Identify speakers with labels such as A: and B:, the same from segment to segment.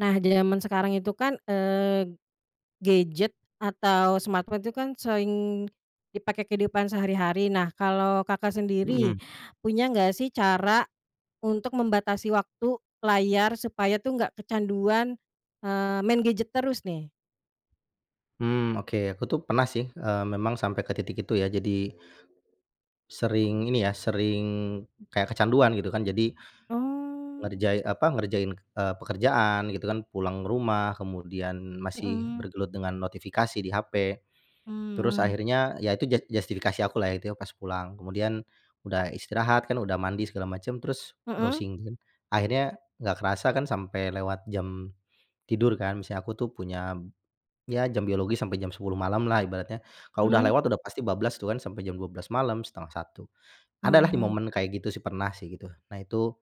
A: Nah, di jaman sekarang itu kan, eee, gadget atau smartphone tuh kan sering dipakai kehidupan sehari-hari. Nah, kalau Kakak sendiri
B: Mhm.
A: punya nggak sih cara untuk membatasi waktu layar supaya tuh nggak kecanduan, eee, main gadget terus nih?
B: Hmm, oke. Aku tuh pernah sih, eee, memang sampe ke titik itu ya jadi, sering ini ya, sering kayak kecanduan gitu kan. Jadi
A: Oh.
B: ngerjai apa, ngerjain, eee, pekerjaan gitu kan pulang ke rumah, kemudian masih
A: Mhm.
B: bergelut dengan notifikasi di HP. Terus
A: Hmm.
B: akhirnya, ya itu jat justifikasi aku lah ya itu pas pulang. Kemudian udah istirahat kan, udah mandi segala macam terus
A: Mhm?
B: browsing kan. Akhirnya gak kerasa kan sampai lewat jam tidur kan, misanya aku tuh punya, ya jam biologis sampai jam 10.00 malam lah ibaratnya. Kalau udah
A: Mhm.
B: lewat udah pasti bablas tu kan sampe jam 12.00 malam, 12.30. Ada lah di
A: Oh.
B: momen kayak gitu sih pernah sih, gitu. Nah itu,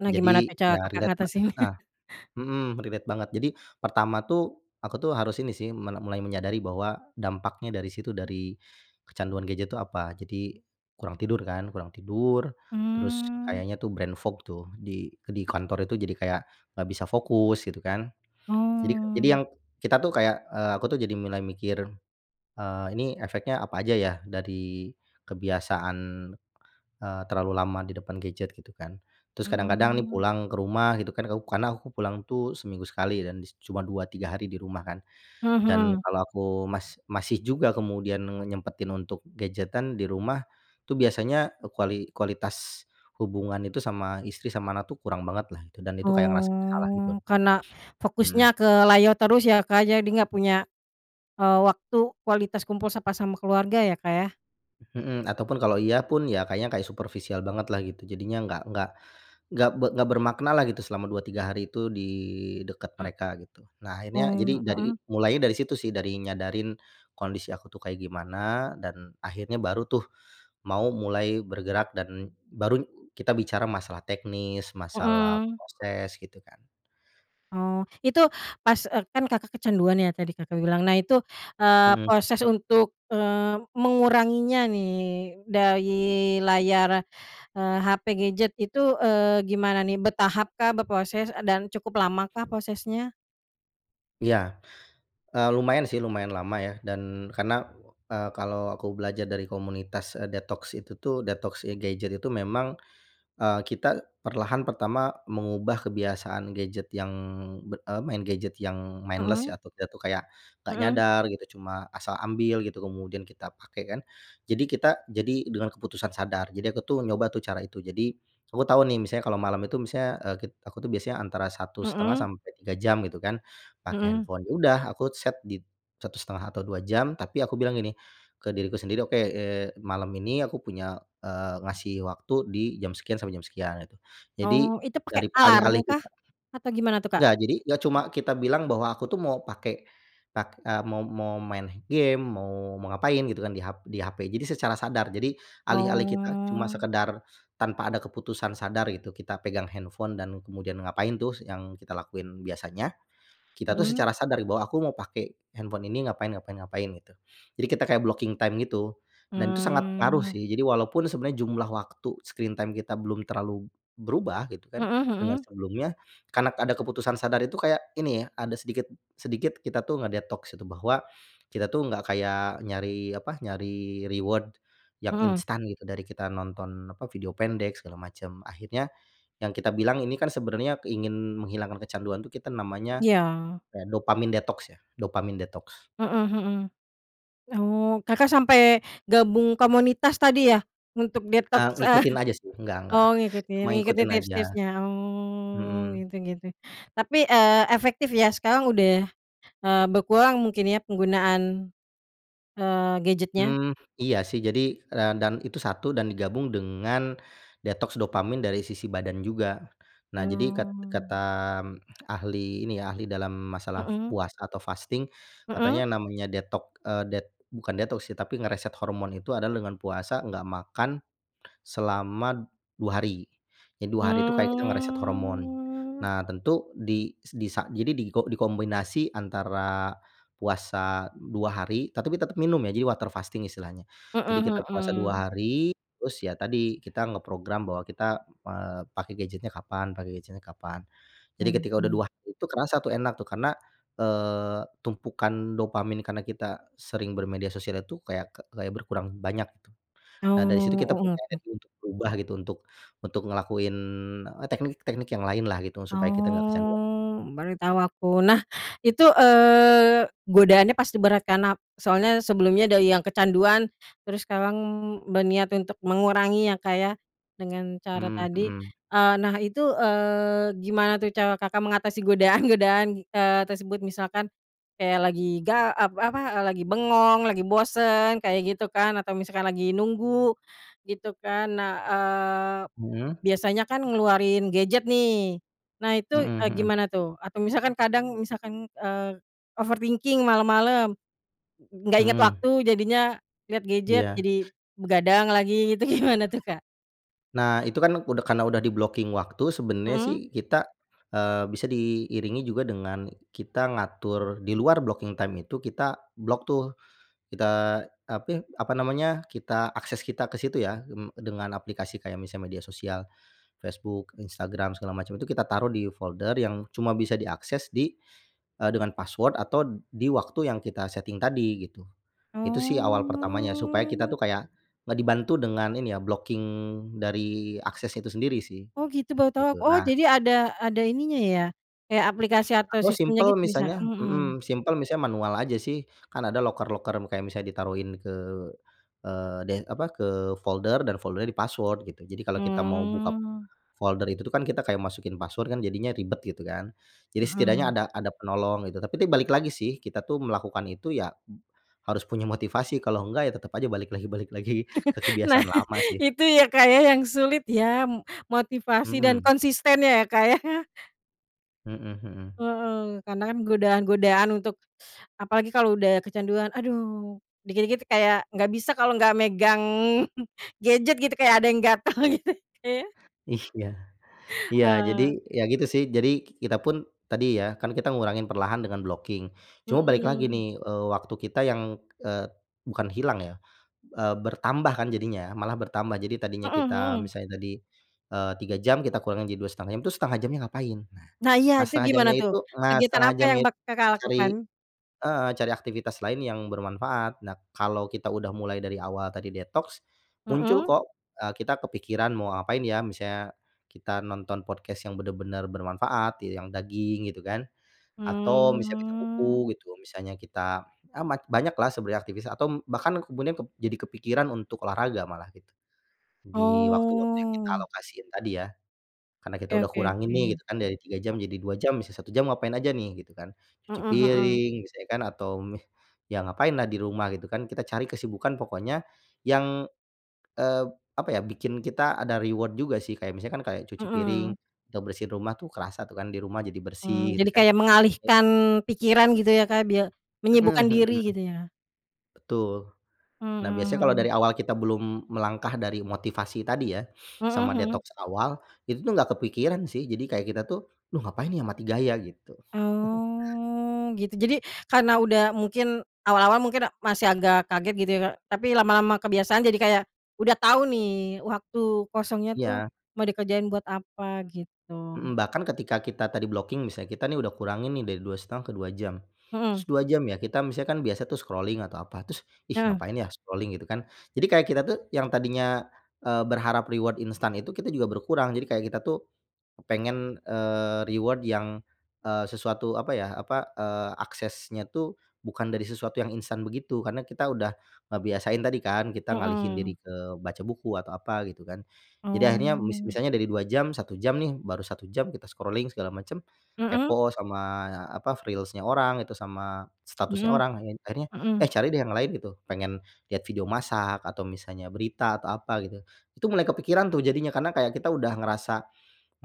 A: Nah, gimana
B: jadi,
A: Kak cara
B: ya
A: Kakak
B: relate ba
A: ngatasinnya?
B: heeh. Mhm, relate banget. Jadi pertama tuh aku tuh harus ini sih mele mulai menyadari bahwa dampaknya dari situ dari kecanduan gadget tuh apa. Jadi kurang tidur kan? Kurang tidur, terus
A: Mmm.
B: kayaknya tuh brain fog tuh di eee, di kantor itu jadi kayak, nggak bisa fokus, gitu kan. Jadi jadi
A: Oh.
B: yang kita tuh kayak, eee, aku tuh jadi mulai mikir, eee, "Ini efeknya apa aja ya dari kebiasaan, eee, terlalu lama di depan gadget?" Gitu kan. Terus kadang-kadang nih
A: Hmm.
B: pulang ke rumah gitu kan, kaup karena aku pulang tuh seminggu sekali dan dis cuma 2, 3 hari di rumah kan. Dan
A: Mhm.
B: kalau aku mas masih juga kemudian ngenyempetin untuk gadgetan di rumah, tuh biasanya kuali kualitas hubungan itu sama istri, sama anak tuh kurang banget lah itu. Dan itu kayak ngerasa salah gitu.
A: Oh, karena
B: Hmm.
A: fokusnya ke layar terus ya Kak jadi gak punya, eee, waktu kualitas kumpul sapa sama keluarga ya, Kak, yah?
B: Mhm. Ataupun kalau iya pun, ya kayaknya kayak superfisial bangetlah gitu, jadinya nggak nggak nggak be nggak bermakna lah gitu selama 2, 3 hari tuh di dekat
A: M
B: mereka gitu. Nah akhirnya, jadi
A: Oh,
B: dari
A: mhm.
B: mulainya dari situ sih, dari nyadarin kondisi aku tuh kayak gimana, dan akhirnya baru tuh mau mulai bergerak dan baru kita bicara masalah teknis, masalah
A: Mmm.
B: proses, gitu kan.
A: Oh, itu pas eee, kan Kakak kecanduan ya tadi Kakak bilang. Nah itu, eee,
B: Mhm.
A: proses untuk, eee, menguranginya nih dari layar, eee, HP, gadget itu, eee, gimana ni, bertahap kah berproses, eee, dan cukup lama kah prosesnya?
B: Iya. Eee, lumayan, sih, lumayan lama ya. Dan karena, eee, kalo aku belajar dari komunitas, eee, detoks itu, tuh, detoks ya gadget itu memang, eee, kita perlahan pertama mengubah kebiasaan gadget yang be eee, main gadget yang mindless ya
A: Mhm.
B: atau dia, tuh, kayak gak
A: Mhm.
B: nyadar gitu cuma asal ambil gitu kemudian kita pake, kan, jadi kita, jadi dengan keputusan sadar. Jadi aku, tuh, nyoba, tuh, cara itu. Jadi, kamu tau, nih, misalnya kalau malam itu misalnya, eee, kit aku, tuh, biasanya antara 1,5
A: Mhm.
B: sampe 3 jam gitu, kan. Pake
A: Mhm.
B: handphone ya udah aku set di 1,5 atau 2 jam tapi aku bilang ini ke diriku sendiri, "Oke, eee, malam ini aku punya, eee, ngasih waktu di jam sekian sampe jam sekian." Gitu. Jadi,
A: Oh, itu pake
B: darip
A: alarm
B: alih-alih
A: kah,
B: kita
A: atau gimana, tuh, Kak?
B: Nggak. Jadi, gak cuma kita bilang bahwa aku tuh mau pake, pak eee, mo mo main gim mo mau ngapain gitu, kan, di hap di HP, jadi secara sadar. Jadi, alih-alih kita cuma
A: Oh.
B: sekedar tanpa ada keputusan sadar itu kita pegang handphone dan kemudian ngapain, tuh, s yang kita lakuin biasanya, kita, tuh,
A: Mhm.
B: secara sadari bahwa aku mo pake handphone ini ngapain ngapain ngapain gitu. Jadi kita kayak blocking time gitu. Dan, tuh, sangat ngaruh,
A: Mmm.
B: sih. Jadi walaupun sebenarnya jumlah waktu screen time kita belum terlalu berubah gitu, kan,
A: Mhm
B: dengan
A: mhm.
B: sebelumnya. Karna ada keputusan sadar itu kayak, ini ya, ada sedikit, sedikit kita tuh ngedetoks itu bahwa kita, tuh, gak kayak nyari apa, nyari reward yang
A: Mhm.
B: instan gitu dari kita nonton, apa, video pendek segala macam. Akhirnya yang kita bilang ini, kan, sebenarnya keingin menghilangkan kecanduan, tuh, kita namanya
A: Iya.
B: kayak dopamin detoks ya, dopamin detoks.
A: Mhm mhm. Oh, Kakak sampe gabung komunitas tadi ya? Untuk
B: Eee,
A: detoks, eh
B: ngikutin aja, sih, nggak nggak,
A: oh, ngikutin,
B: cuma
A: ngikutin
B: ngikutin aja.
A: tips-tipsnya, oh,
B: Mhm.
A: gitu gitu. Tapi, eee, efektif ya, sekarang udah, eee, berkurang mungkin ya penggunaan, eee, gadgetnya?
B: Mmm, iya, sih. Jadi, ran dan itu 1 dan digabung dengan detoks dopamin dari sisi badan juga. Nah, jadi kat
A: Oh.
B: kata, mmm, ahli ini ya, ahli dalam masalah
A: Mhm.
B: puasa atau fasting, katanya
A: Mhm.
B: namanya detok eee, det bukan detoks, sih, tapi nge-reset hormon itu adalah dengan puasa, gak makan selama 2 hari. Jadi 2 hari, tuh, kita kayak nge-reset hormon.
A: Mmm.
B: Nah, tentu di s di sa jadi diko dikombinasi antara puasa 2 hari, tetapi tetap minum ya jadi water fasting istilahnya. Jadi kita
A: Mhm
B: puasa
A: mhm.
B: 2 hari. Terus ya tadi, kita ngeprogram bahwa kita, eee, pake gadgetnya kapan pake gadgetnya kapan. Jadi ketika udah
A: Mhm.
B: 2 hari, tuh, kerasa, tuh, enak, tuh, karna, eee, tumpukan dopamin kana kita sering bermedia sosial itu kayak ke kayak berkurang banyak gitu. Nah, dari situ
A: Oh,
B: kita
A: oh
B: punya
A: oke.
B: niat untuk berubah gitu, untuk untuk ngelakuin, eee, teknik-teknik yang lain lah, gitu supaya kita gak kecanduan.
A: Oh, baru tau aku. Nah, itu, eee, godaannya pasti berat, kan, nap soalnya sebelumnya dari yang kecanduan terus sekarang berniat untuk mengurangi ya Kak ya, dengan cara
B: Mmm,
A: tadi.
B: mhm.
A: Eee, nah, itu, eee, gimana, tuh, cara Kakak mengatasi godaan-godaan, eee, tersebut misalkan kayak lagi ga ep apa, eee, lagi bengong, lagi bosan kayak gitu, kan. Atau misalkan lagi nunggu gitu, kan. Nah, eee,
B: Mhm?
A: biasanya kan ngeluarin gadget, nih, nah itu,
B: Mhm
A: eee,
B: mhm.
A: gimana, tuh? Atau misalkan kadang, misalkan, eee, overthinking malam-malam, gak ingat
B: Mhm.
A: waktu jadinya, liat gadget
B: Iya.
A: jadi begadang lagi gitu gimana, tuh, Kak?
B: Nah, itu kan udah karena udah di-blocking waktu. Sebenarnya,
A: Mhm.
B: sih kita, eee, bisa diiringi juga dengan kita ngatur di luar blocking time itu, kita block tuh, kita, api apa namanya, kita akses kita ke situ ya, mmm, dengan aplikasi kayak misalnya media sosial Facebook, Instagram, segala macam, itu kita taruh di folder yang cuma bisa diakses di eee, dengan password atau di waktu yang kita setting tadi gitu. Itu sih awal pertamanya, supaya kita
A: Oh.
B: tuh kayak nge dibantu dengan ini ya, blocking dari akses itu sendiri sih.
A: Oh, gitu baru tau aku.
B: Gitu,
A: Oh,
B: nah
A: jadi ada ada ininya ya? Kayak aplikasi atau
B: Aku
A: sistemnya
B: simpel,
A: gitu, misal
B: misalnya
A: mhm.
B: mmm, simpel, misalnya manual aja sih. Kan ada loker-loker, m kayak misalnya ditaruhin ke, eee, de apa, ke folder dan foldernya di-password gitu. Jadi, kalau kita mau buka p
A: Mmm.
B: folder itu tuh kan, kita kayak masukin password kan, jadinya ribet gitu kan. Jadi, setidaknya
A: Mhm.
B: ada ada penolong gitu, tapi ini balik lagi sih, kita tuh melakukan itu ya, harus punya motivasi. Kalau enggak ya tetap aja balik lagi balik lagi ke
A: Nah,
B: kebiasaan lama sih.
A: itu ya Kak ya, yang sulit ya, m motivasi dan
B: Mhm.
A: konsisten ya, Kak ya.
B: Mhm mhm.
A: Heeh, karena kan godaan-godaan untuk apalagi kalo udah kecanduan, aduh, dikit-dikit kayak gak bisa kalo gak megang gadget gitu. Kayak ada yang gatal gitu, Kak ya?
B: Ih, ya. Iya, jadi,
A: Heeh.
B: ya gitu sih. Jadi, kita pun tadi ya, kan kita ngurangin perlahan dengan blocking. Cuma balik lagi
A: Mhm.
B: nih, eee, waktu kita yang, eee, bukan hilang ya, eee, bertambah kan jadinya, malah bertambah. Jadi, tadinya
A: Mhm
B: kita
A: mhm.
B: misalnya tadi, eee, 3 jam, kita kurangi jadi 2,5 jam, itu 1/2 jamnya ngapain? Nah,
A: Nah, iya.
B: nah,
A: Itu
B: 1/2
A: gimana
B: jamnya
A: tuh?
B: itu nah,
A: Kegiatan
B: 1/2
A: apa yang
B: jamnya
A: bak
B: itu
A: Kakak
B: cari
A: lakukan?
B: heeh, cari aktivitas lain yang bermanfaat. Nah, kalau kita udah mulai dari awal tadi detoks, muncul
A: Mhm.
B: kok, eee, kita kepikiran, "Mau ngapain ya?" Misalnya kita nonton podcast yang benar-benar bermanfaat, iya, yang, “daging” gitu kan, atau bisa baca
A: Mmm.
B: buku gitu. Misalnya kita amat, banyaklah sebenernya aktivis atau m bahkan ke kemudian kep jadi kepikiran untuk olahraga malah gitu, di waktu-waktu yang kita
A: Oh.
B: alokasiin tadi ya. Karena kita
A: Oke
B: udah
A: oke
B: kurangin nih
A: oke.
B: gitu kan, dari 3 jam jadi 2 jam, bisa 1 jam ngapain aja nih? Gitu kan. Cuci
A: Heeh heeh.
B: piring, misalnya kan atau, mmm, ya ngapain lah di rumah, gitu kan. Kita cari kesibukan pokoknya, yang, eee, p apa ya, bikin kita ada reward juga sih. Kayak, misalnya kan kayak cuci piring,
A: Mhm.
B: atau bersihin rumah tuh kerasa tuh kan di rumah jadi
A: Mmm.
B: bersih, gitu
A: Jadi,
B: kan,
A: kayak
B: e
A: mengalihkan pikiran gitu ya Kak, bia menyibukkan
B: Mhm
A: diri
B: mhm.
A: gitu ya.
B: Betul.
A: Mhm
B: Nah, biasanya kalau dari
A: mhm.
B: awal kita belum melangkah dari motivasi tadi ya,
A: Mhm
B: sama
A: mhm.
B: detoks awal, itu tuh nggak kepikiran sih. Jadi, kayak kita tuh, "Duh ngapain ya, mati gaya." Gitu.
A: Oh, gitu. Jadi, karena udah mungkin awal-awal mungkin a masih agak kaget gitu ya, Kak, tapi lama-lama kebiasaan. Jadi, kayak udah tau nih waktu kosongnya tuh,
B: Ya.
A: mau dikerjain buat apa,
B: Mhm,
A: gitu.
B: bahkan ketika kita tadi blocking, misal kita nih udah kurangin nih dari 2,5 ke 2 jam. Terus,
A: Mhm.
B: 2 jam ya, kita misalnya kan biasa tuh scrolling atau apa, terus, “Ih,
A: Heeh.
B: ngapain ya? Scrolling? "Gitu kan. Jadi, kayak kita tuh yang tadinya, eee, berharap reward instan itu, kita juga berkurang. Jadi, kayak kita tuh kepengen, eee, reward yang, eee, sesuatu apa ya, apa, eee, aksesnya tuh bukan dari sesuatu yang instan begitu. Karena kita udah ngebiasain tadi kan kita ngalihin
A: Mhm.
B: diri ke baca buku atau apa gitu kan. Jadi, akhirnya mis
A: Oh.
B: misalnya dari 2 jam, 1 jam nih baru 1 jam kita scrolling segala macam,
A: Mhm.
B: kepo sama, apa, reels-nya orang, itu sama statusnya
A: Mhm.
B: orang lain. Akhirnya, eh,
A: Mhm.
B: cari deh yang lain gitu. Pengen lihat video masak atau misalnya berita atau apa gitu. Itu mulai kepikiran tuh jadinya, karena kayak kita udah ngerasa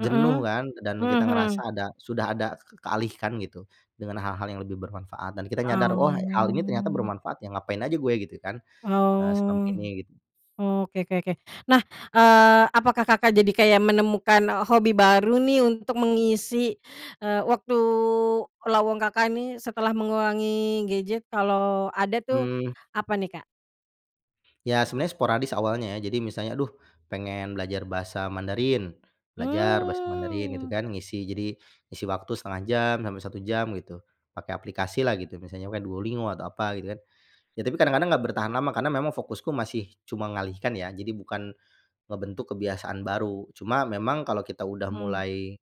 B: jenuh kan dan kita
A: Mhm
B: ngerasa
A: mhm.
B: ada, sudah ada ke ke kealihkan gitu dengan hal-hal yang lebih bermanfaat. Dan kita nyadar, “Wah, hal ini ternyata
A: Oh.
B: bermanfaat ya. Ngapain aja gue." Gitu kan, eee, "selama
A: Oh,
B: ini," gitu.
A: oke oke oke. Nah, eee, apakah Kakak jadi kayak menemukan, eee, hobi baru nih untuk mengisi, eee, waktu lowong Kakak nih, setelah mengurangi gadget, kalau ada tuh,
B: Mmm.
A: apa nih Kak?
B: Ya sebenarnya sporadis awalnya ya. Jadi misalnya aduh pengen belajar bahasa Mandarin, belajar bahasa Mandarin gitu
A: Mmm.
B: kan, ngisi jadi, ngisi waktu 1/2 jam sampai 1 jam gitu, pakai aplikasilah gitu misalnya pakai Duolingo atau apa gitu kan. Ya tapi kadang-kadang nggak bertahan lama karena memang fokusku masih cuma ngalihkan ya, jadi bukan ngebentuk kebiasaan baru. Cuma memang kalau kita udah
A: Hmm.
B: mulai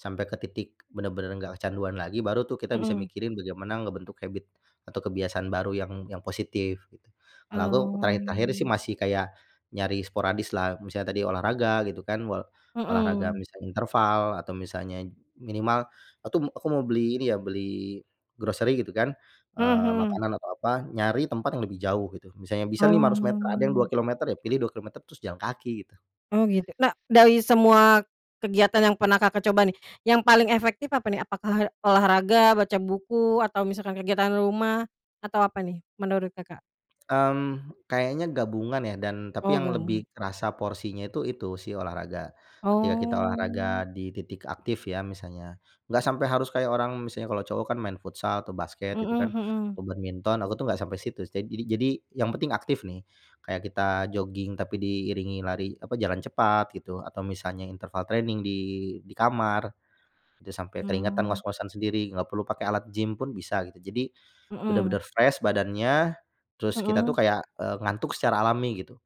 B: sampai ke titik benar-benar nggak kecanduan lagi baru tuh kita bisa
A: Mhm.
B: mikirin bagaimana ngebentuk habit atau kebiasaan baru yang yang positif gitu. Kalau aku terakhir-terakhir sih
A: Oh.
B: masih kayak nyari sporadis lah, misalnya tadi olahraga gitu kan, wal olahraga
A: Mhm.
B: misalnya interval atau misalnya minimal atu aku mau beli ini ya beli grocery gitu kan,
A: Mmm,
B: eee,
A: mhm.
B: makanan atau apa, nyari tempat yang lebih jauh gitu. Misalnya bisa nih 500 meter ada yang dua
A: Oh.
B: kilometer ya pilih 2 kilometer terus jalan kaki gitu.
A: Oh gitu, nah, dari semua kegiatan yang pernah Kakak coba nih, yang paling efektif apa nih? Apakah olahraga, baca buku, atau misalkan kegiatan rumah? Atau apa nih, menurut Kakak?
B: Mmm, kayaknya gabungan ya dan tapi
A: Oh
B: yang
A: gabung.
B: lebih kerasa porsinya itu, itu si olahraga. Ketika kita
A: Oh.
B: olahraga di titik aktif ya misalnya. Nggak sampai harus kayak orang, misalnya kalau cowok kan main futsal atau basket gitu kan,
A: Mhm mhm.
B: atau badminton aku tuh nggak sampai situ sih. Jadi jadi yang penting aktif nih. Kayak kita jogging tapi diiringi lari apa jalan cepat gitu, atau misalnya interval training di di kamar. Itu sampai keringatan,
A: Mmm.
B: ngos-ngosan sendiri, nggak perlu pakai alat gim pun bisa gitu. Jadi,
A: Mhm.
B: benar-benar fresh badannya, terus kita tuh
A: Mhm.
B: kayak, eee, ngantuk secara alami gitu.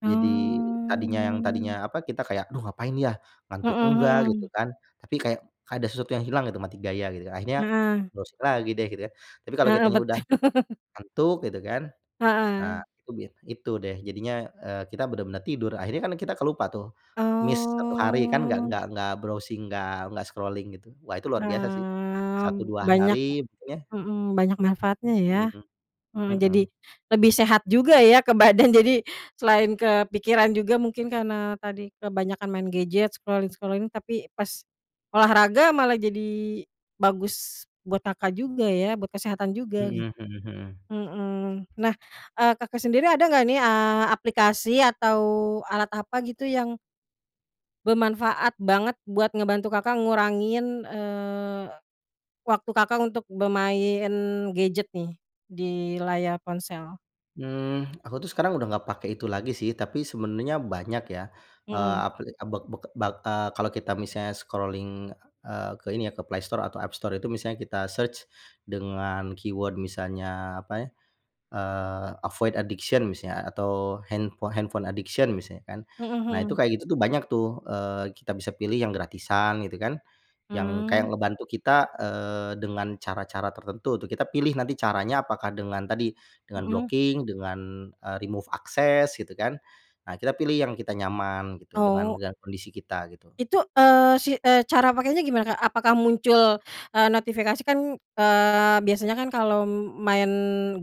B: Jadi, tadinya yang,
A: Oh.
B: tadinya apa, kita kayak, "Aduh ngapain ya?
A: Mhm
B: Ngantuk enggak." Gitu
A: mhm.
B: kan, tapi kayak kayak ada sesuatu yang hilang gitu mati gaya gitu. Akhirnya
A: Heeh.
B: browsing lagi deh gitu ya kan. Tapi kalau
A: Heeh
B: kitanya udah
A: betul.
B: ngantuk gitu kan, nah
A: Heeh.
B: itu biasanya itu deh jadinya, eee, kita benar-benar tidur. Akhirnya kan kita kelupa tuh, miss 1 hari kan nggak
A: Oh.
B: nggak nggak browsing, nggak nggak scrolling gitu. Wah itu luar biasa sih,
A: Eee,
B: 1 2
A: banyak
B: hari ya?
A: mhm banyak manfaatnya ya.
B: Mhm,
A: Mmm, jadi
B: mhm.
A: lebih sehat juga ya ke badan jadi selain kepikiran juga mungkin karena tadi kebanyakan main gadget, scrolling-scrolling, tapi pas olahraga malah jadi bagus buat Kakak juga ya, buat kesehatan juga git
B: Mhm mhm mhm.
A: mhm, nah, eee, Kakak sendiri ada nggak nih, eee, aplikasi atau alat apa gitu yang bermanfaat banget buat ngebantu Kakak ngurangin, eee, waktu Kakak untuk bermain gadget nih di layar ponsel?
B: Mmm, aku tuh sekarang udah nggak pakai itu lagi sih tapi sebenarnya banyak ya. Eee,
A: Mhm.
B: apli b b b eee, kalau kita misalnya scrolling, eee, ke ini ya ke Play Store atau App Store itu misalnya kita search dengan keyword misalnya apa ya, eee, avoid addiction misalnya atau handpho handphone addiction misalnya kan.
A: Mhm
B: Nah itu
A: mhm.
B: kayak gitu tuh banyak tuh, eee, kita bisa pilih yang gratisan gitu kan, yang
A: Mmm.
B: kayak ngebantu kita, eee, dengan cara-cara tertentu tuh kita pilih nanti caranya apakah dengan tadi, dengan
A: Mhm.
B: blocking dengan, eee, remove access gitu kan. Nah kita pilih yang kita nyaman gitu dengan
A: Oh.
B: dengan kondisi kita gitu.
A: Itu, eee, si eh cara pakainya gimana Kak? Apakah muncul, eee, notifikasi? Kan, eee, biasanya kan kalo main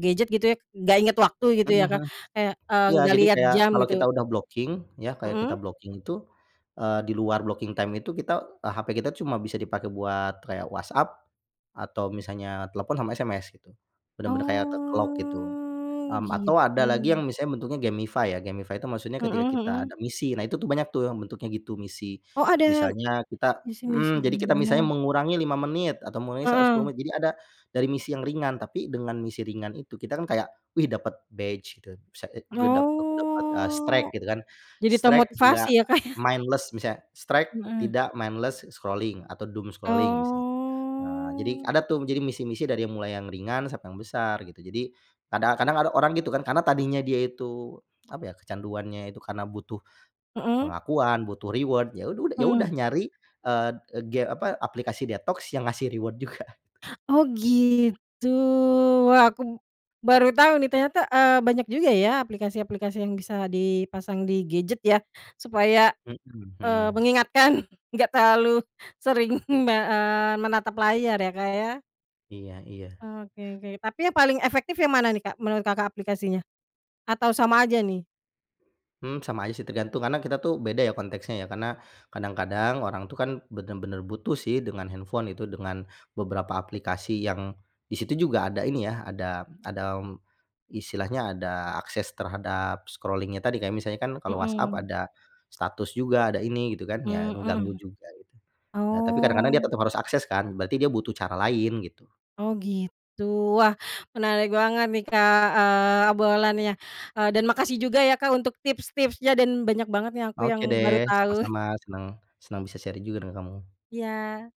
A: gadget gitu ya nggak ingat waktu gitu
B: Mhm
A: ya Kak,
B: mhm.
A: kayak, eee,
B: Iya
A: nggak
B: jadi
A: liat
B: kayak
A: jam
B: kalau
A: gitu.
B: kita udah blocking ya, kayak kita
A: Mhm.
B: blocking itu, eee, di luar blocking time itu kita hape kita tuh cuma bisa dipakai buat kayak WhatsApp atau misalnya telepon sama SMS gitu. Benar-benar kayak ke-lock gitu.
A: Oh,
B: Mmm, atau ada lagi
A: gitu.
B: yang misalnya bentuknya gamify ya, gamify tuh maksudnya ketika
A: Mhm
B: kita
A: mhm.
B: ada misi, nah itu tuh banyak tuh yang bentuknya gitu misi.
A: Oh ada
B: Misalnya kita
A: misi-misi
B: mmm, jadi kita misalnya
A: juga.
B: mengurangi 5 menit atau mengurangi saat 10
A: Heeh.
B: menit, jadi ada dari misi yang ringan tapi dengan misi ringan itu kita kan kayak, wih dapat badge gitu, bisa, eee, juga dap aku dapat, eee, streak
A: Oh,
B: gitu kan
A: jadi
B: streak nggak
A: termotivasi ya Kak ya.
B: mindless, misalnya streak
A: Mhm.
B: tidak mindless scrolling atau doom scrolling misalnya. Eee, jadi
A: Oh.
B: ada tuh jadi misi-misi dari yang mulai yang ringan sampai yang besar gitu. Jadi kadang kadang ada orang gitu kan karena tadinya dia itu apa ya, kecanduannya itu karena butuh
A: Mhm.
B: pengakuan, butuh reward, ya ud ud ya udah
A: Mhm.
B: nyari, eee, ga apa aplikasi detoks yang ngasih reward juga.
A: Oh gitu, wah aku baru tau nih ternyata, eee, banyak juga ya aplikasi-aplikasi yang bisa dipasang di gadget ya. Supaya,
B: Mhm
A: eee,
B: heeh.
A: mengingatkan nggak terlalu sering me eee, menatap layar ya Kak ya.
B: Iya iya.
A: Oke oke tapi yang paling efektif yang mana nih Kak menurut Kakak aplikasinya? Atau sama aja nih?
B: Mhm, sama aja sih tergantung karena kita tuh beda ya konteksnya ya, karena kadang-kadang orang tuh kan benar-benar butuh sih dengan handphone itu, dengan beberapa aplikasi, yang di situ juga ada ini ya, ada ada istilahnya ada akses terhadap scrolling-nya tadi kayak misalnya kan kalau WhatsApp
A: Mhm.
B: ada status juga ada ini, gitu kan ya
A: Mmm,
B: ngeganggu
A: mhm.
B: juga gitu. Nah, tapi kadang-kadang dia
A: Oh.
B: tetap harus akses kan berarti dia butuh cara lain gitu.
A: Oh gitu. Wah menarik banget nih Kak, eee, obrolannya. Eee, dan makasih juga ya Kak untuk tips-tipsnya dan banyak banget nih yang aku
B: Oke
A: yang
B: deh
A: baru tahu.
B: sama-sama, senang senang bisa sharing juga dengan kamu.
A: Iya.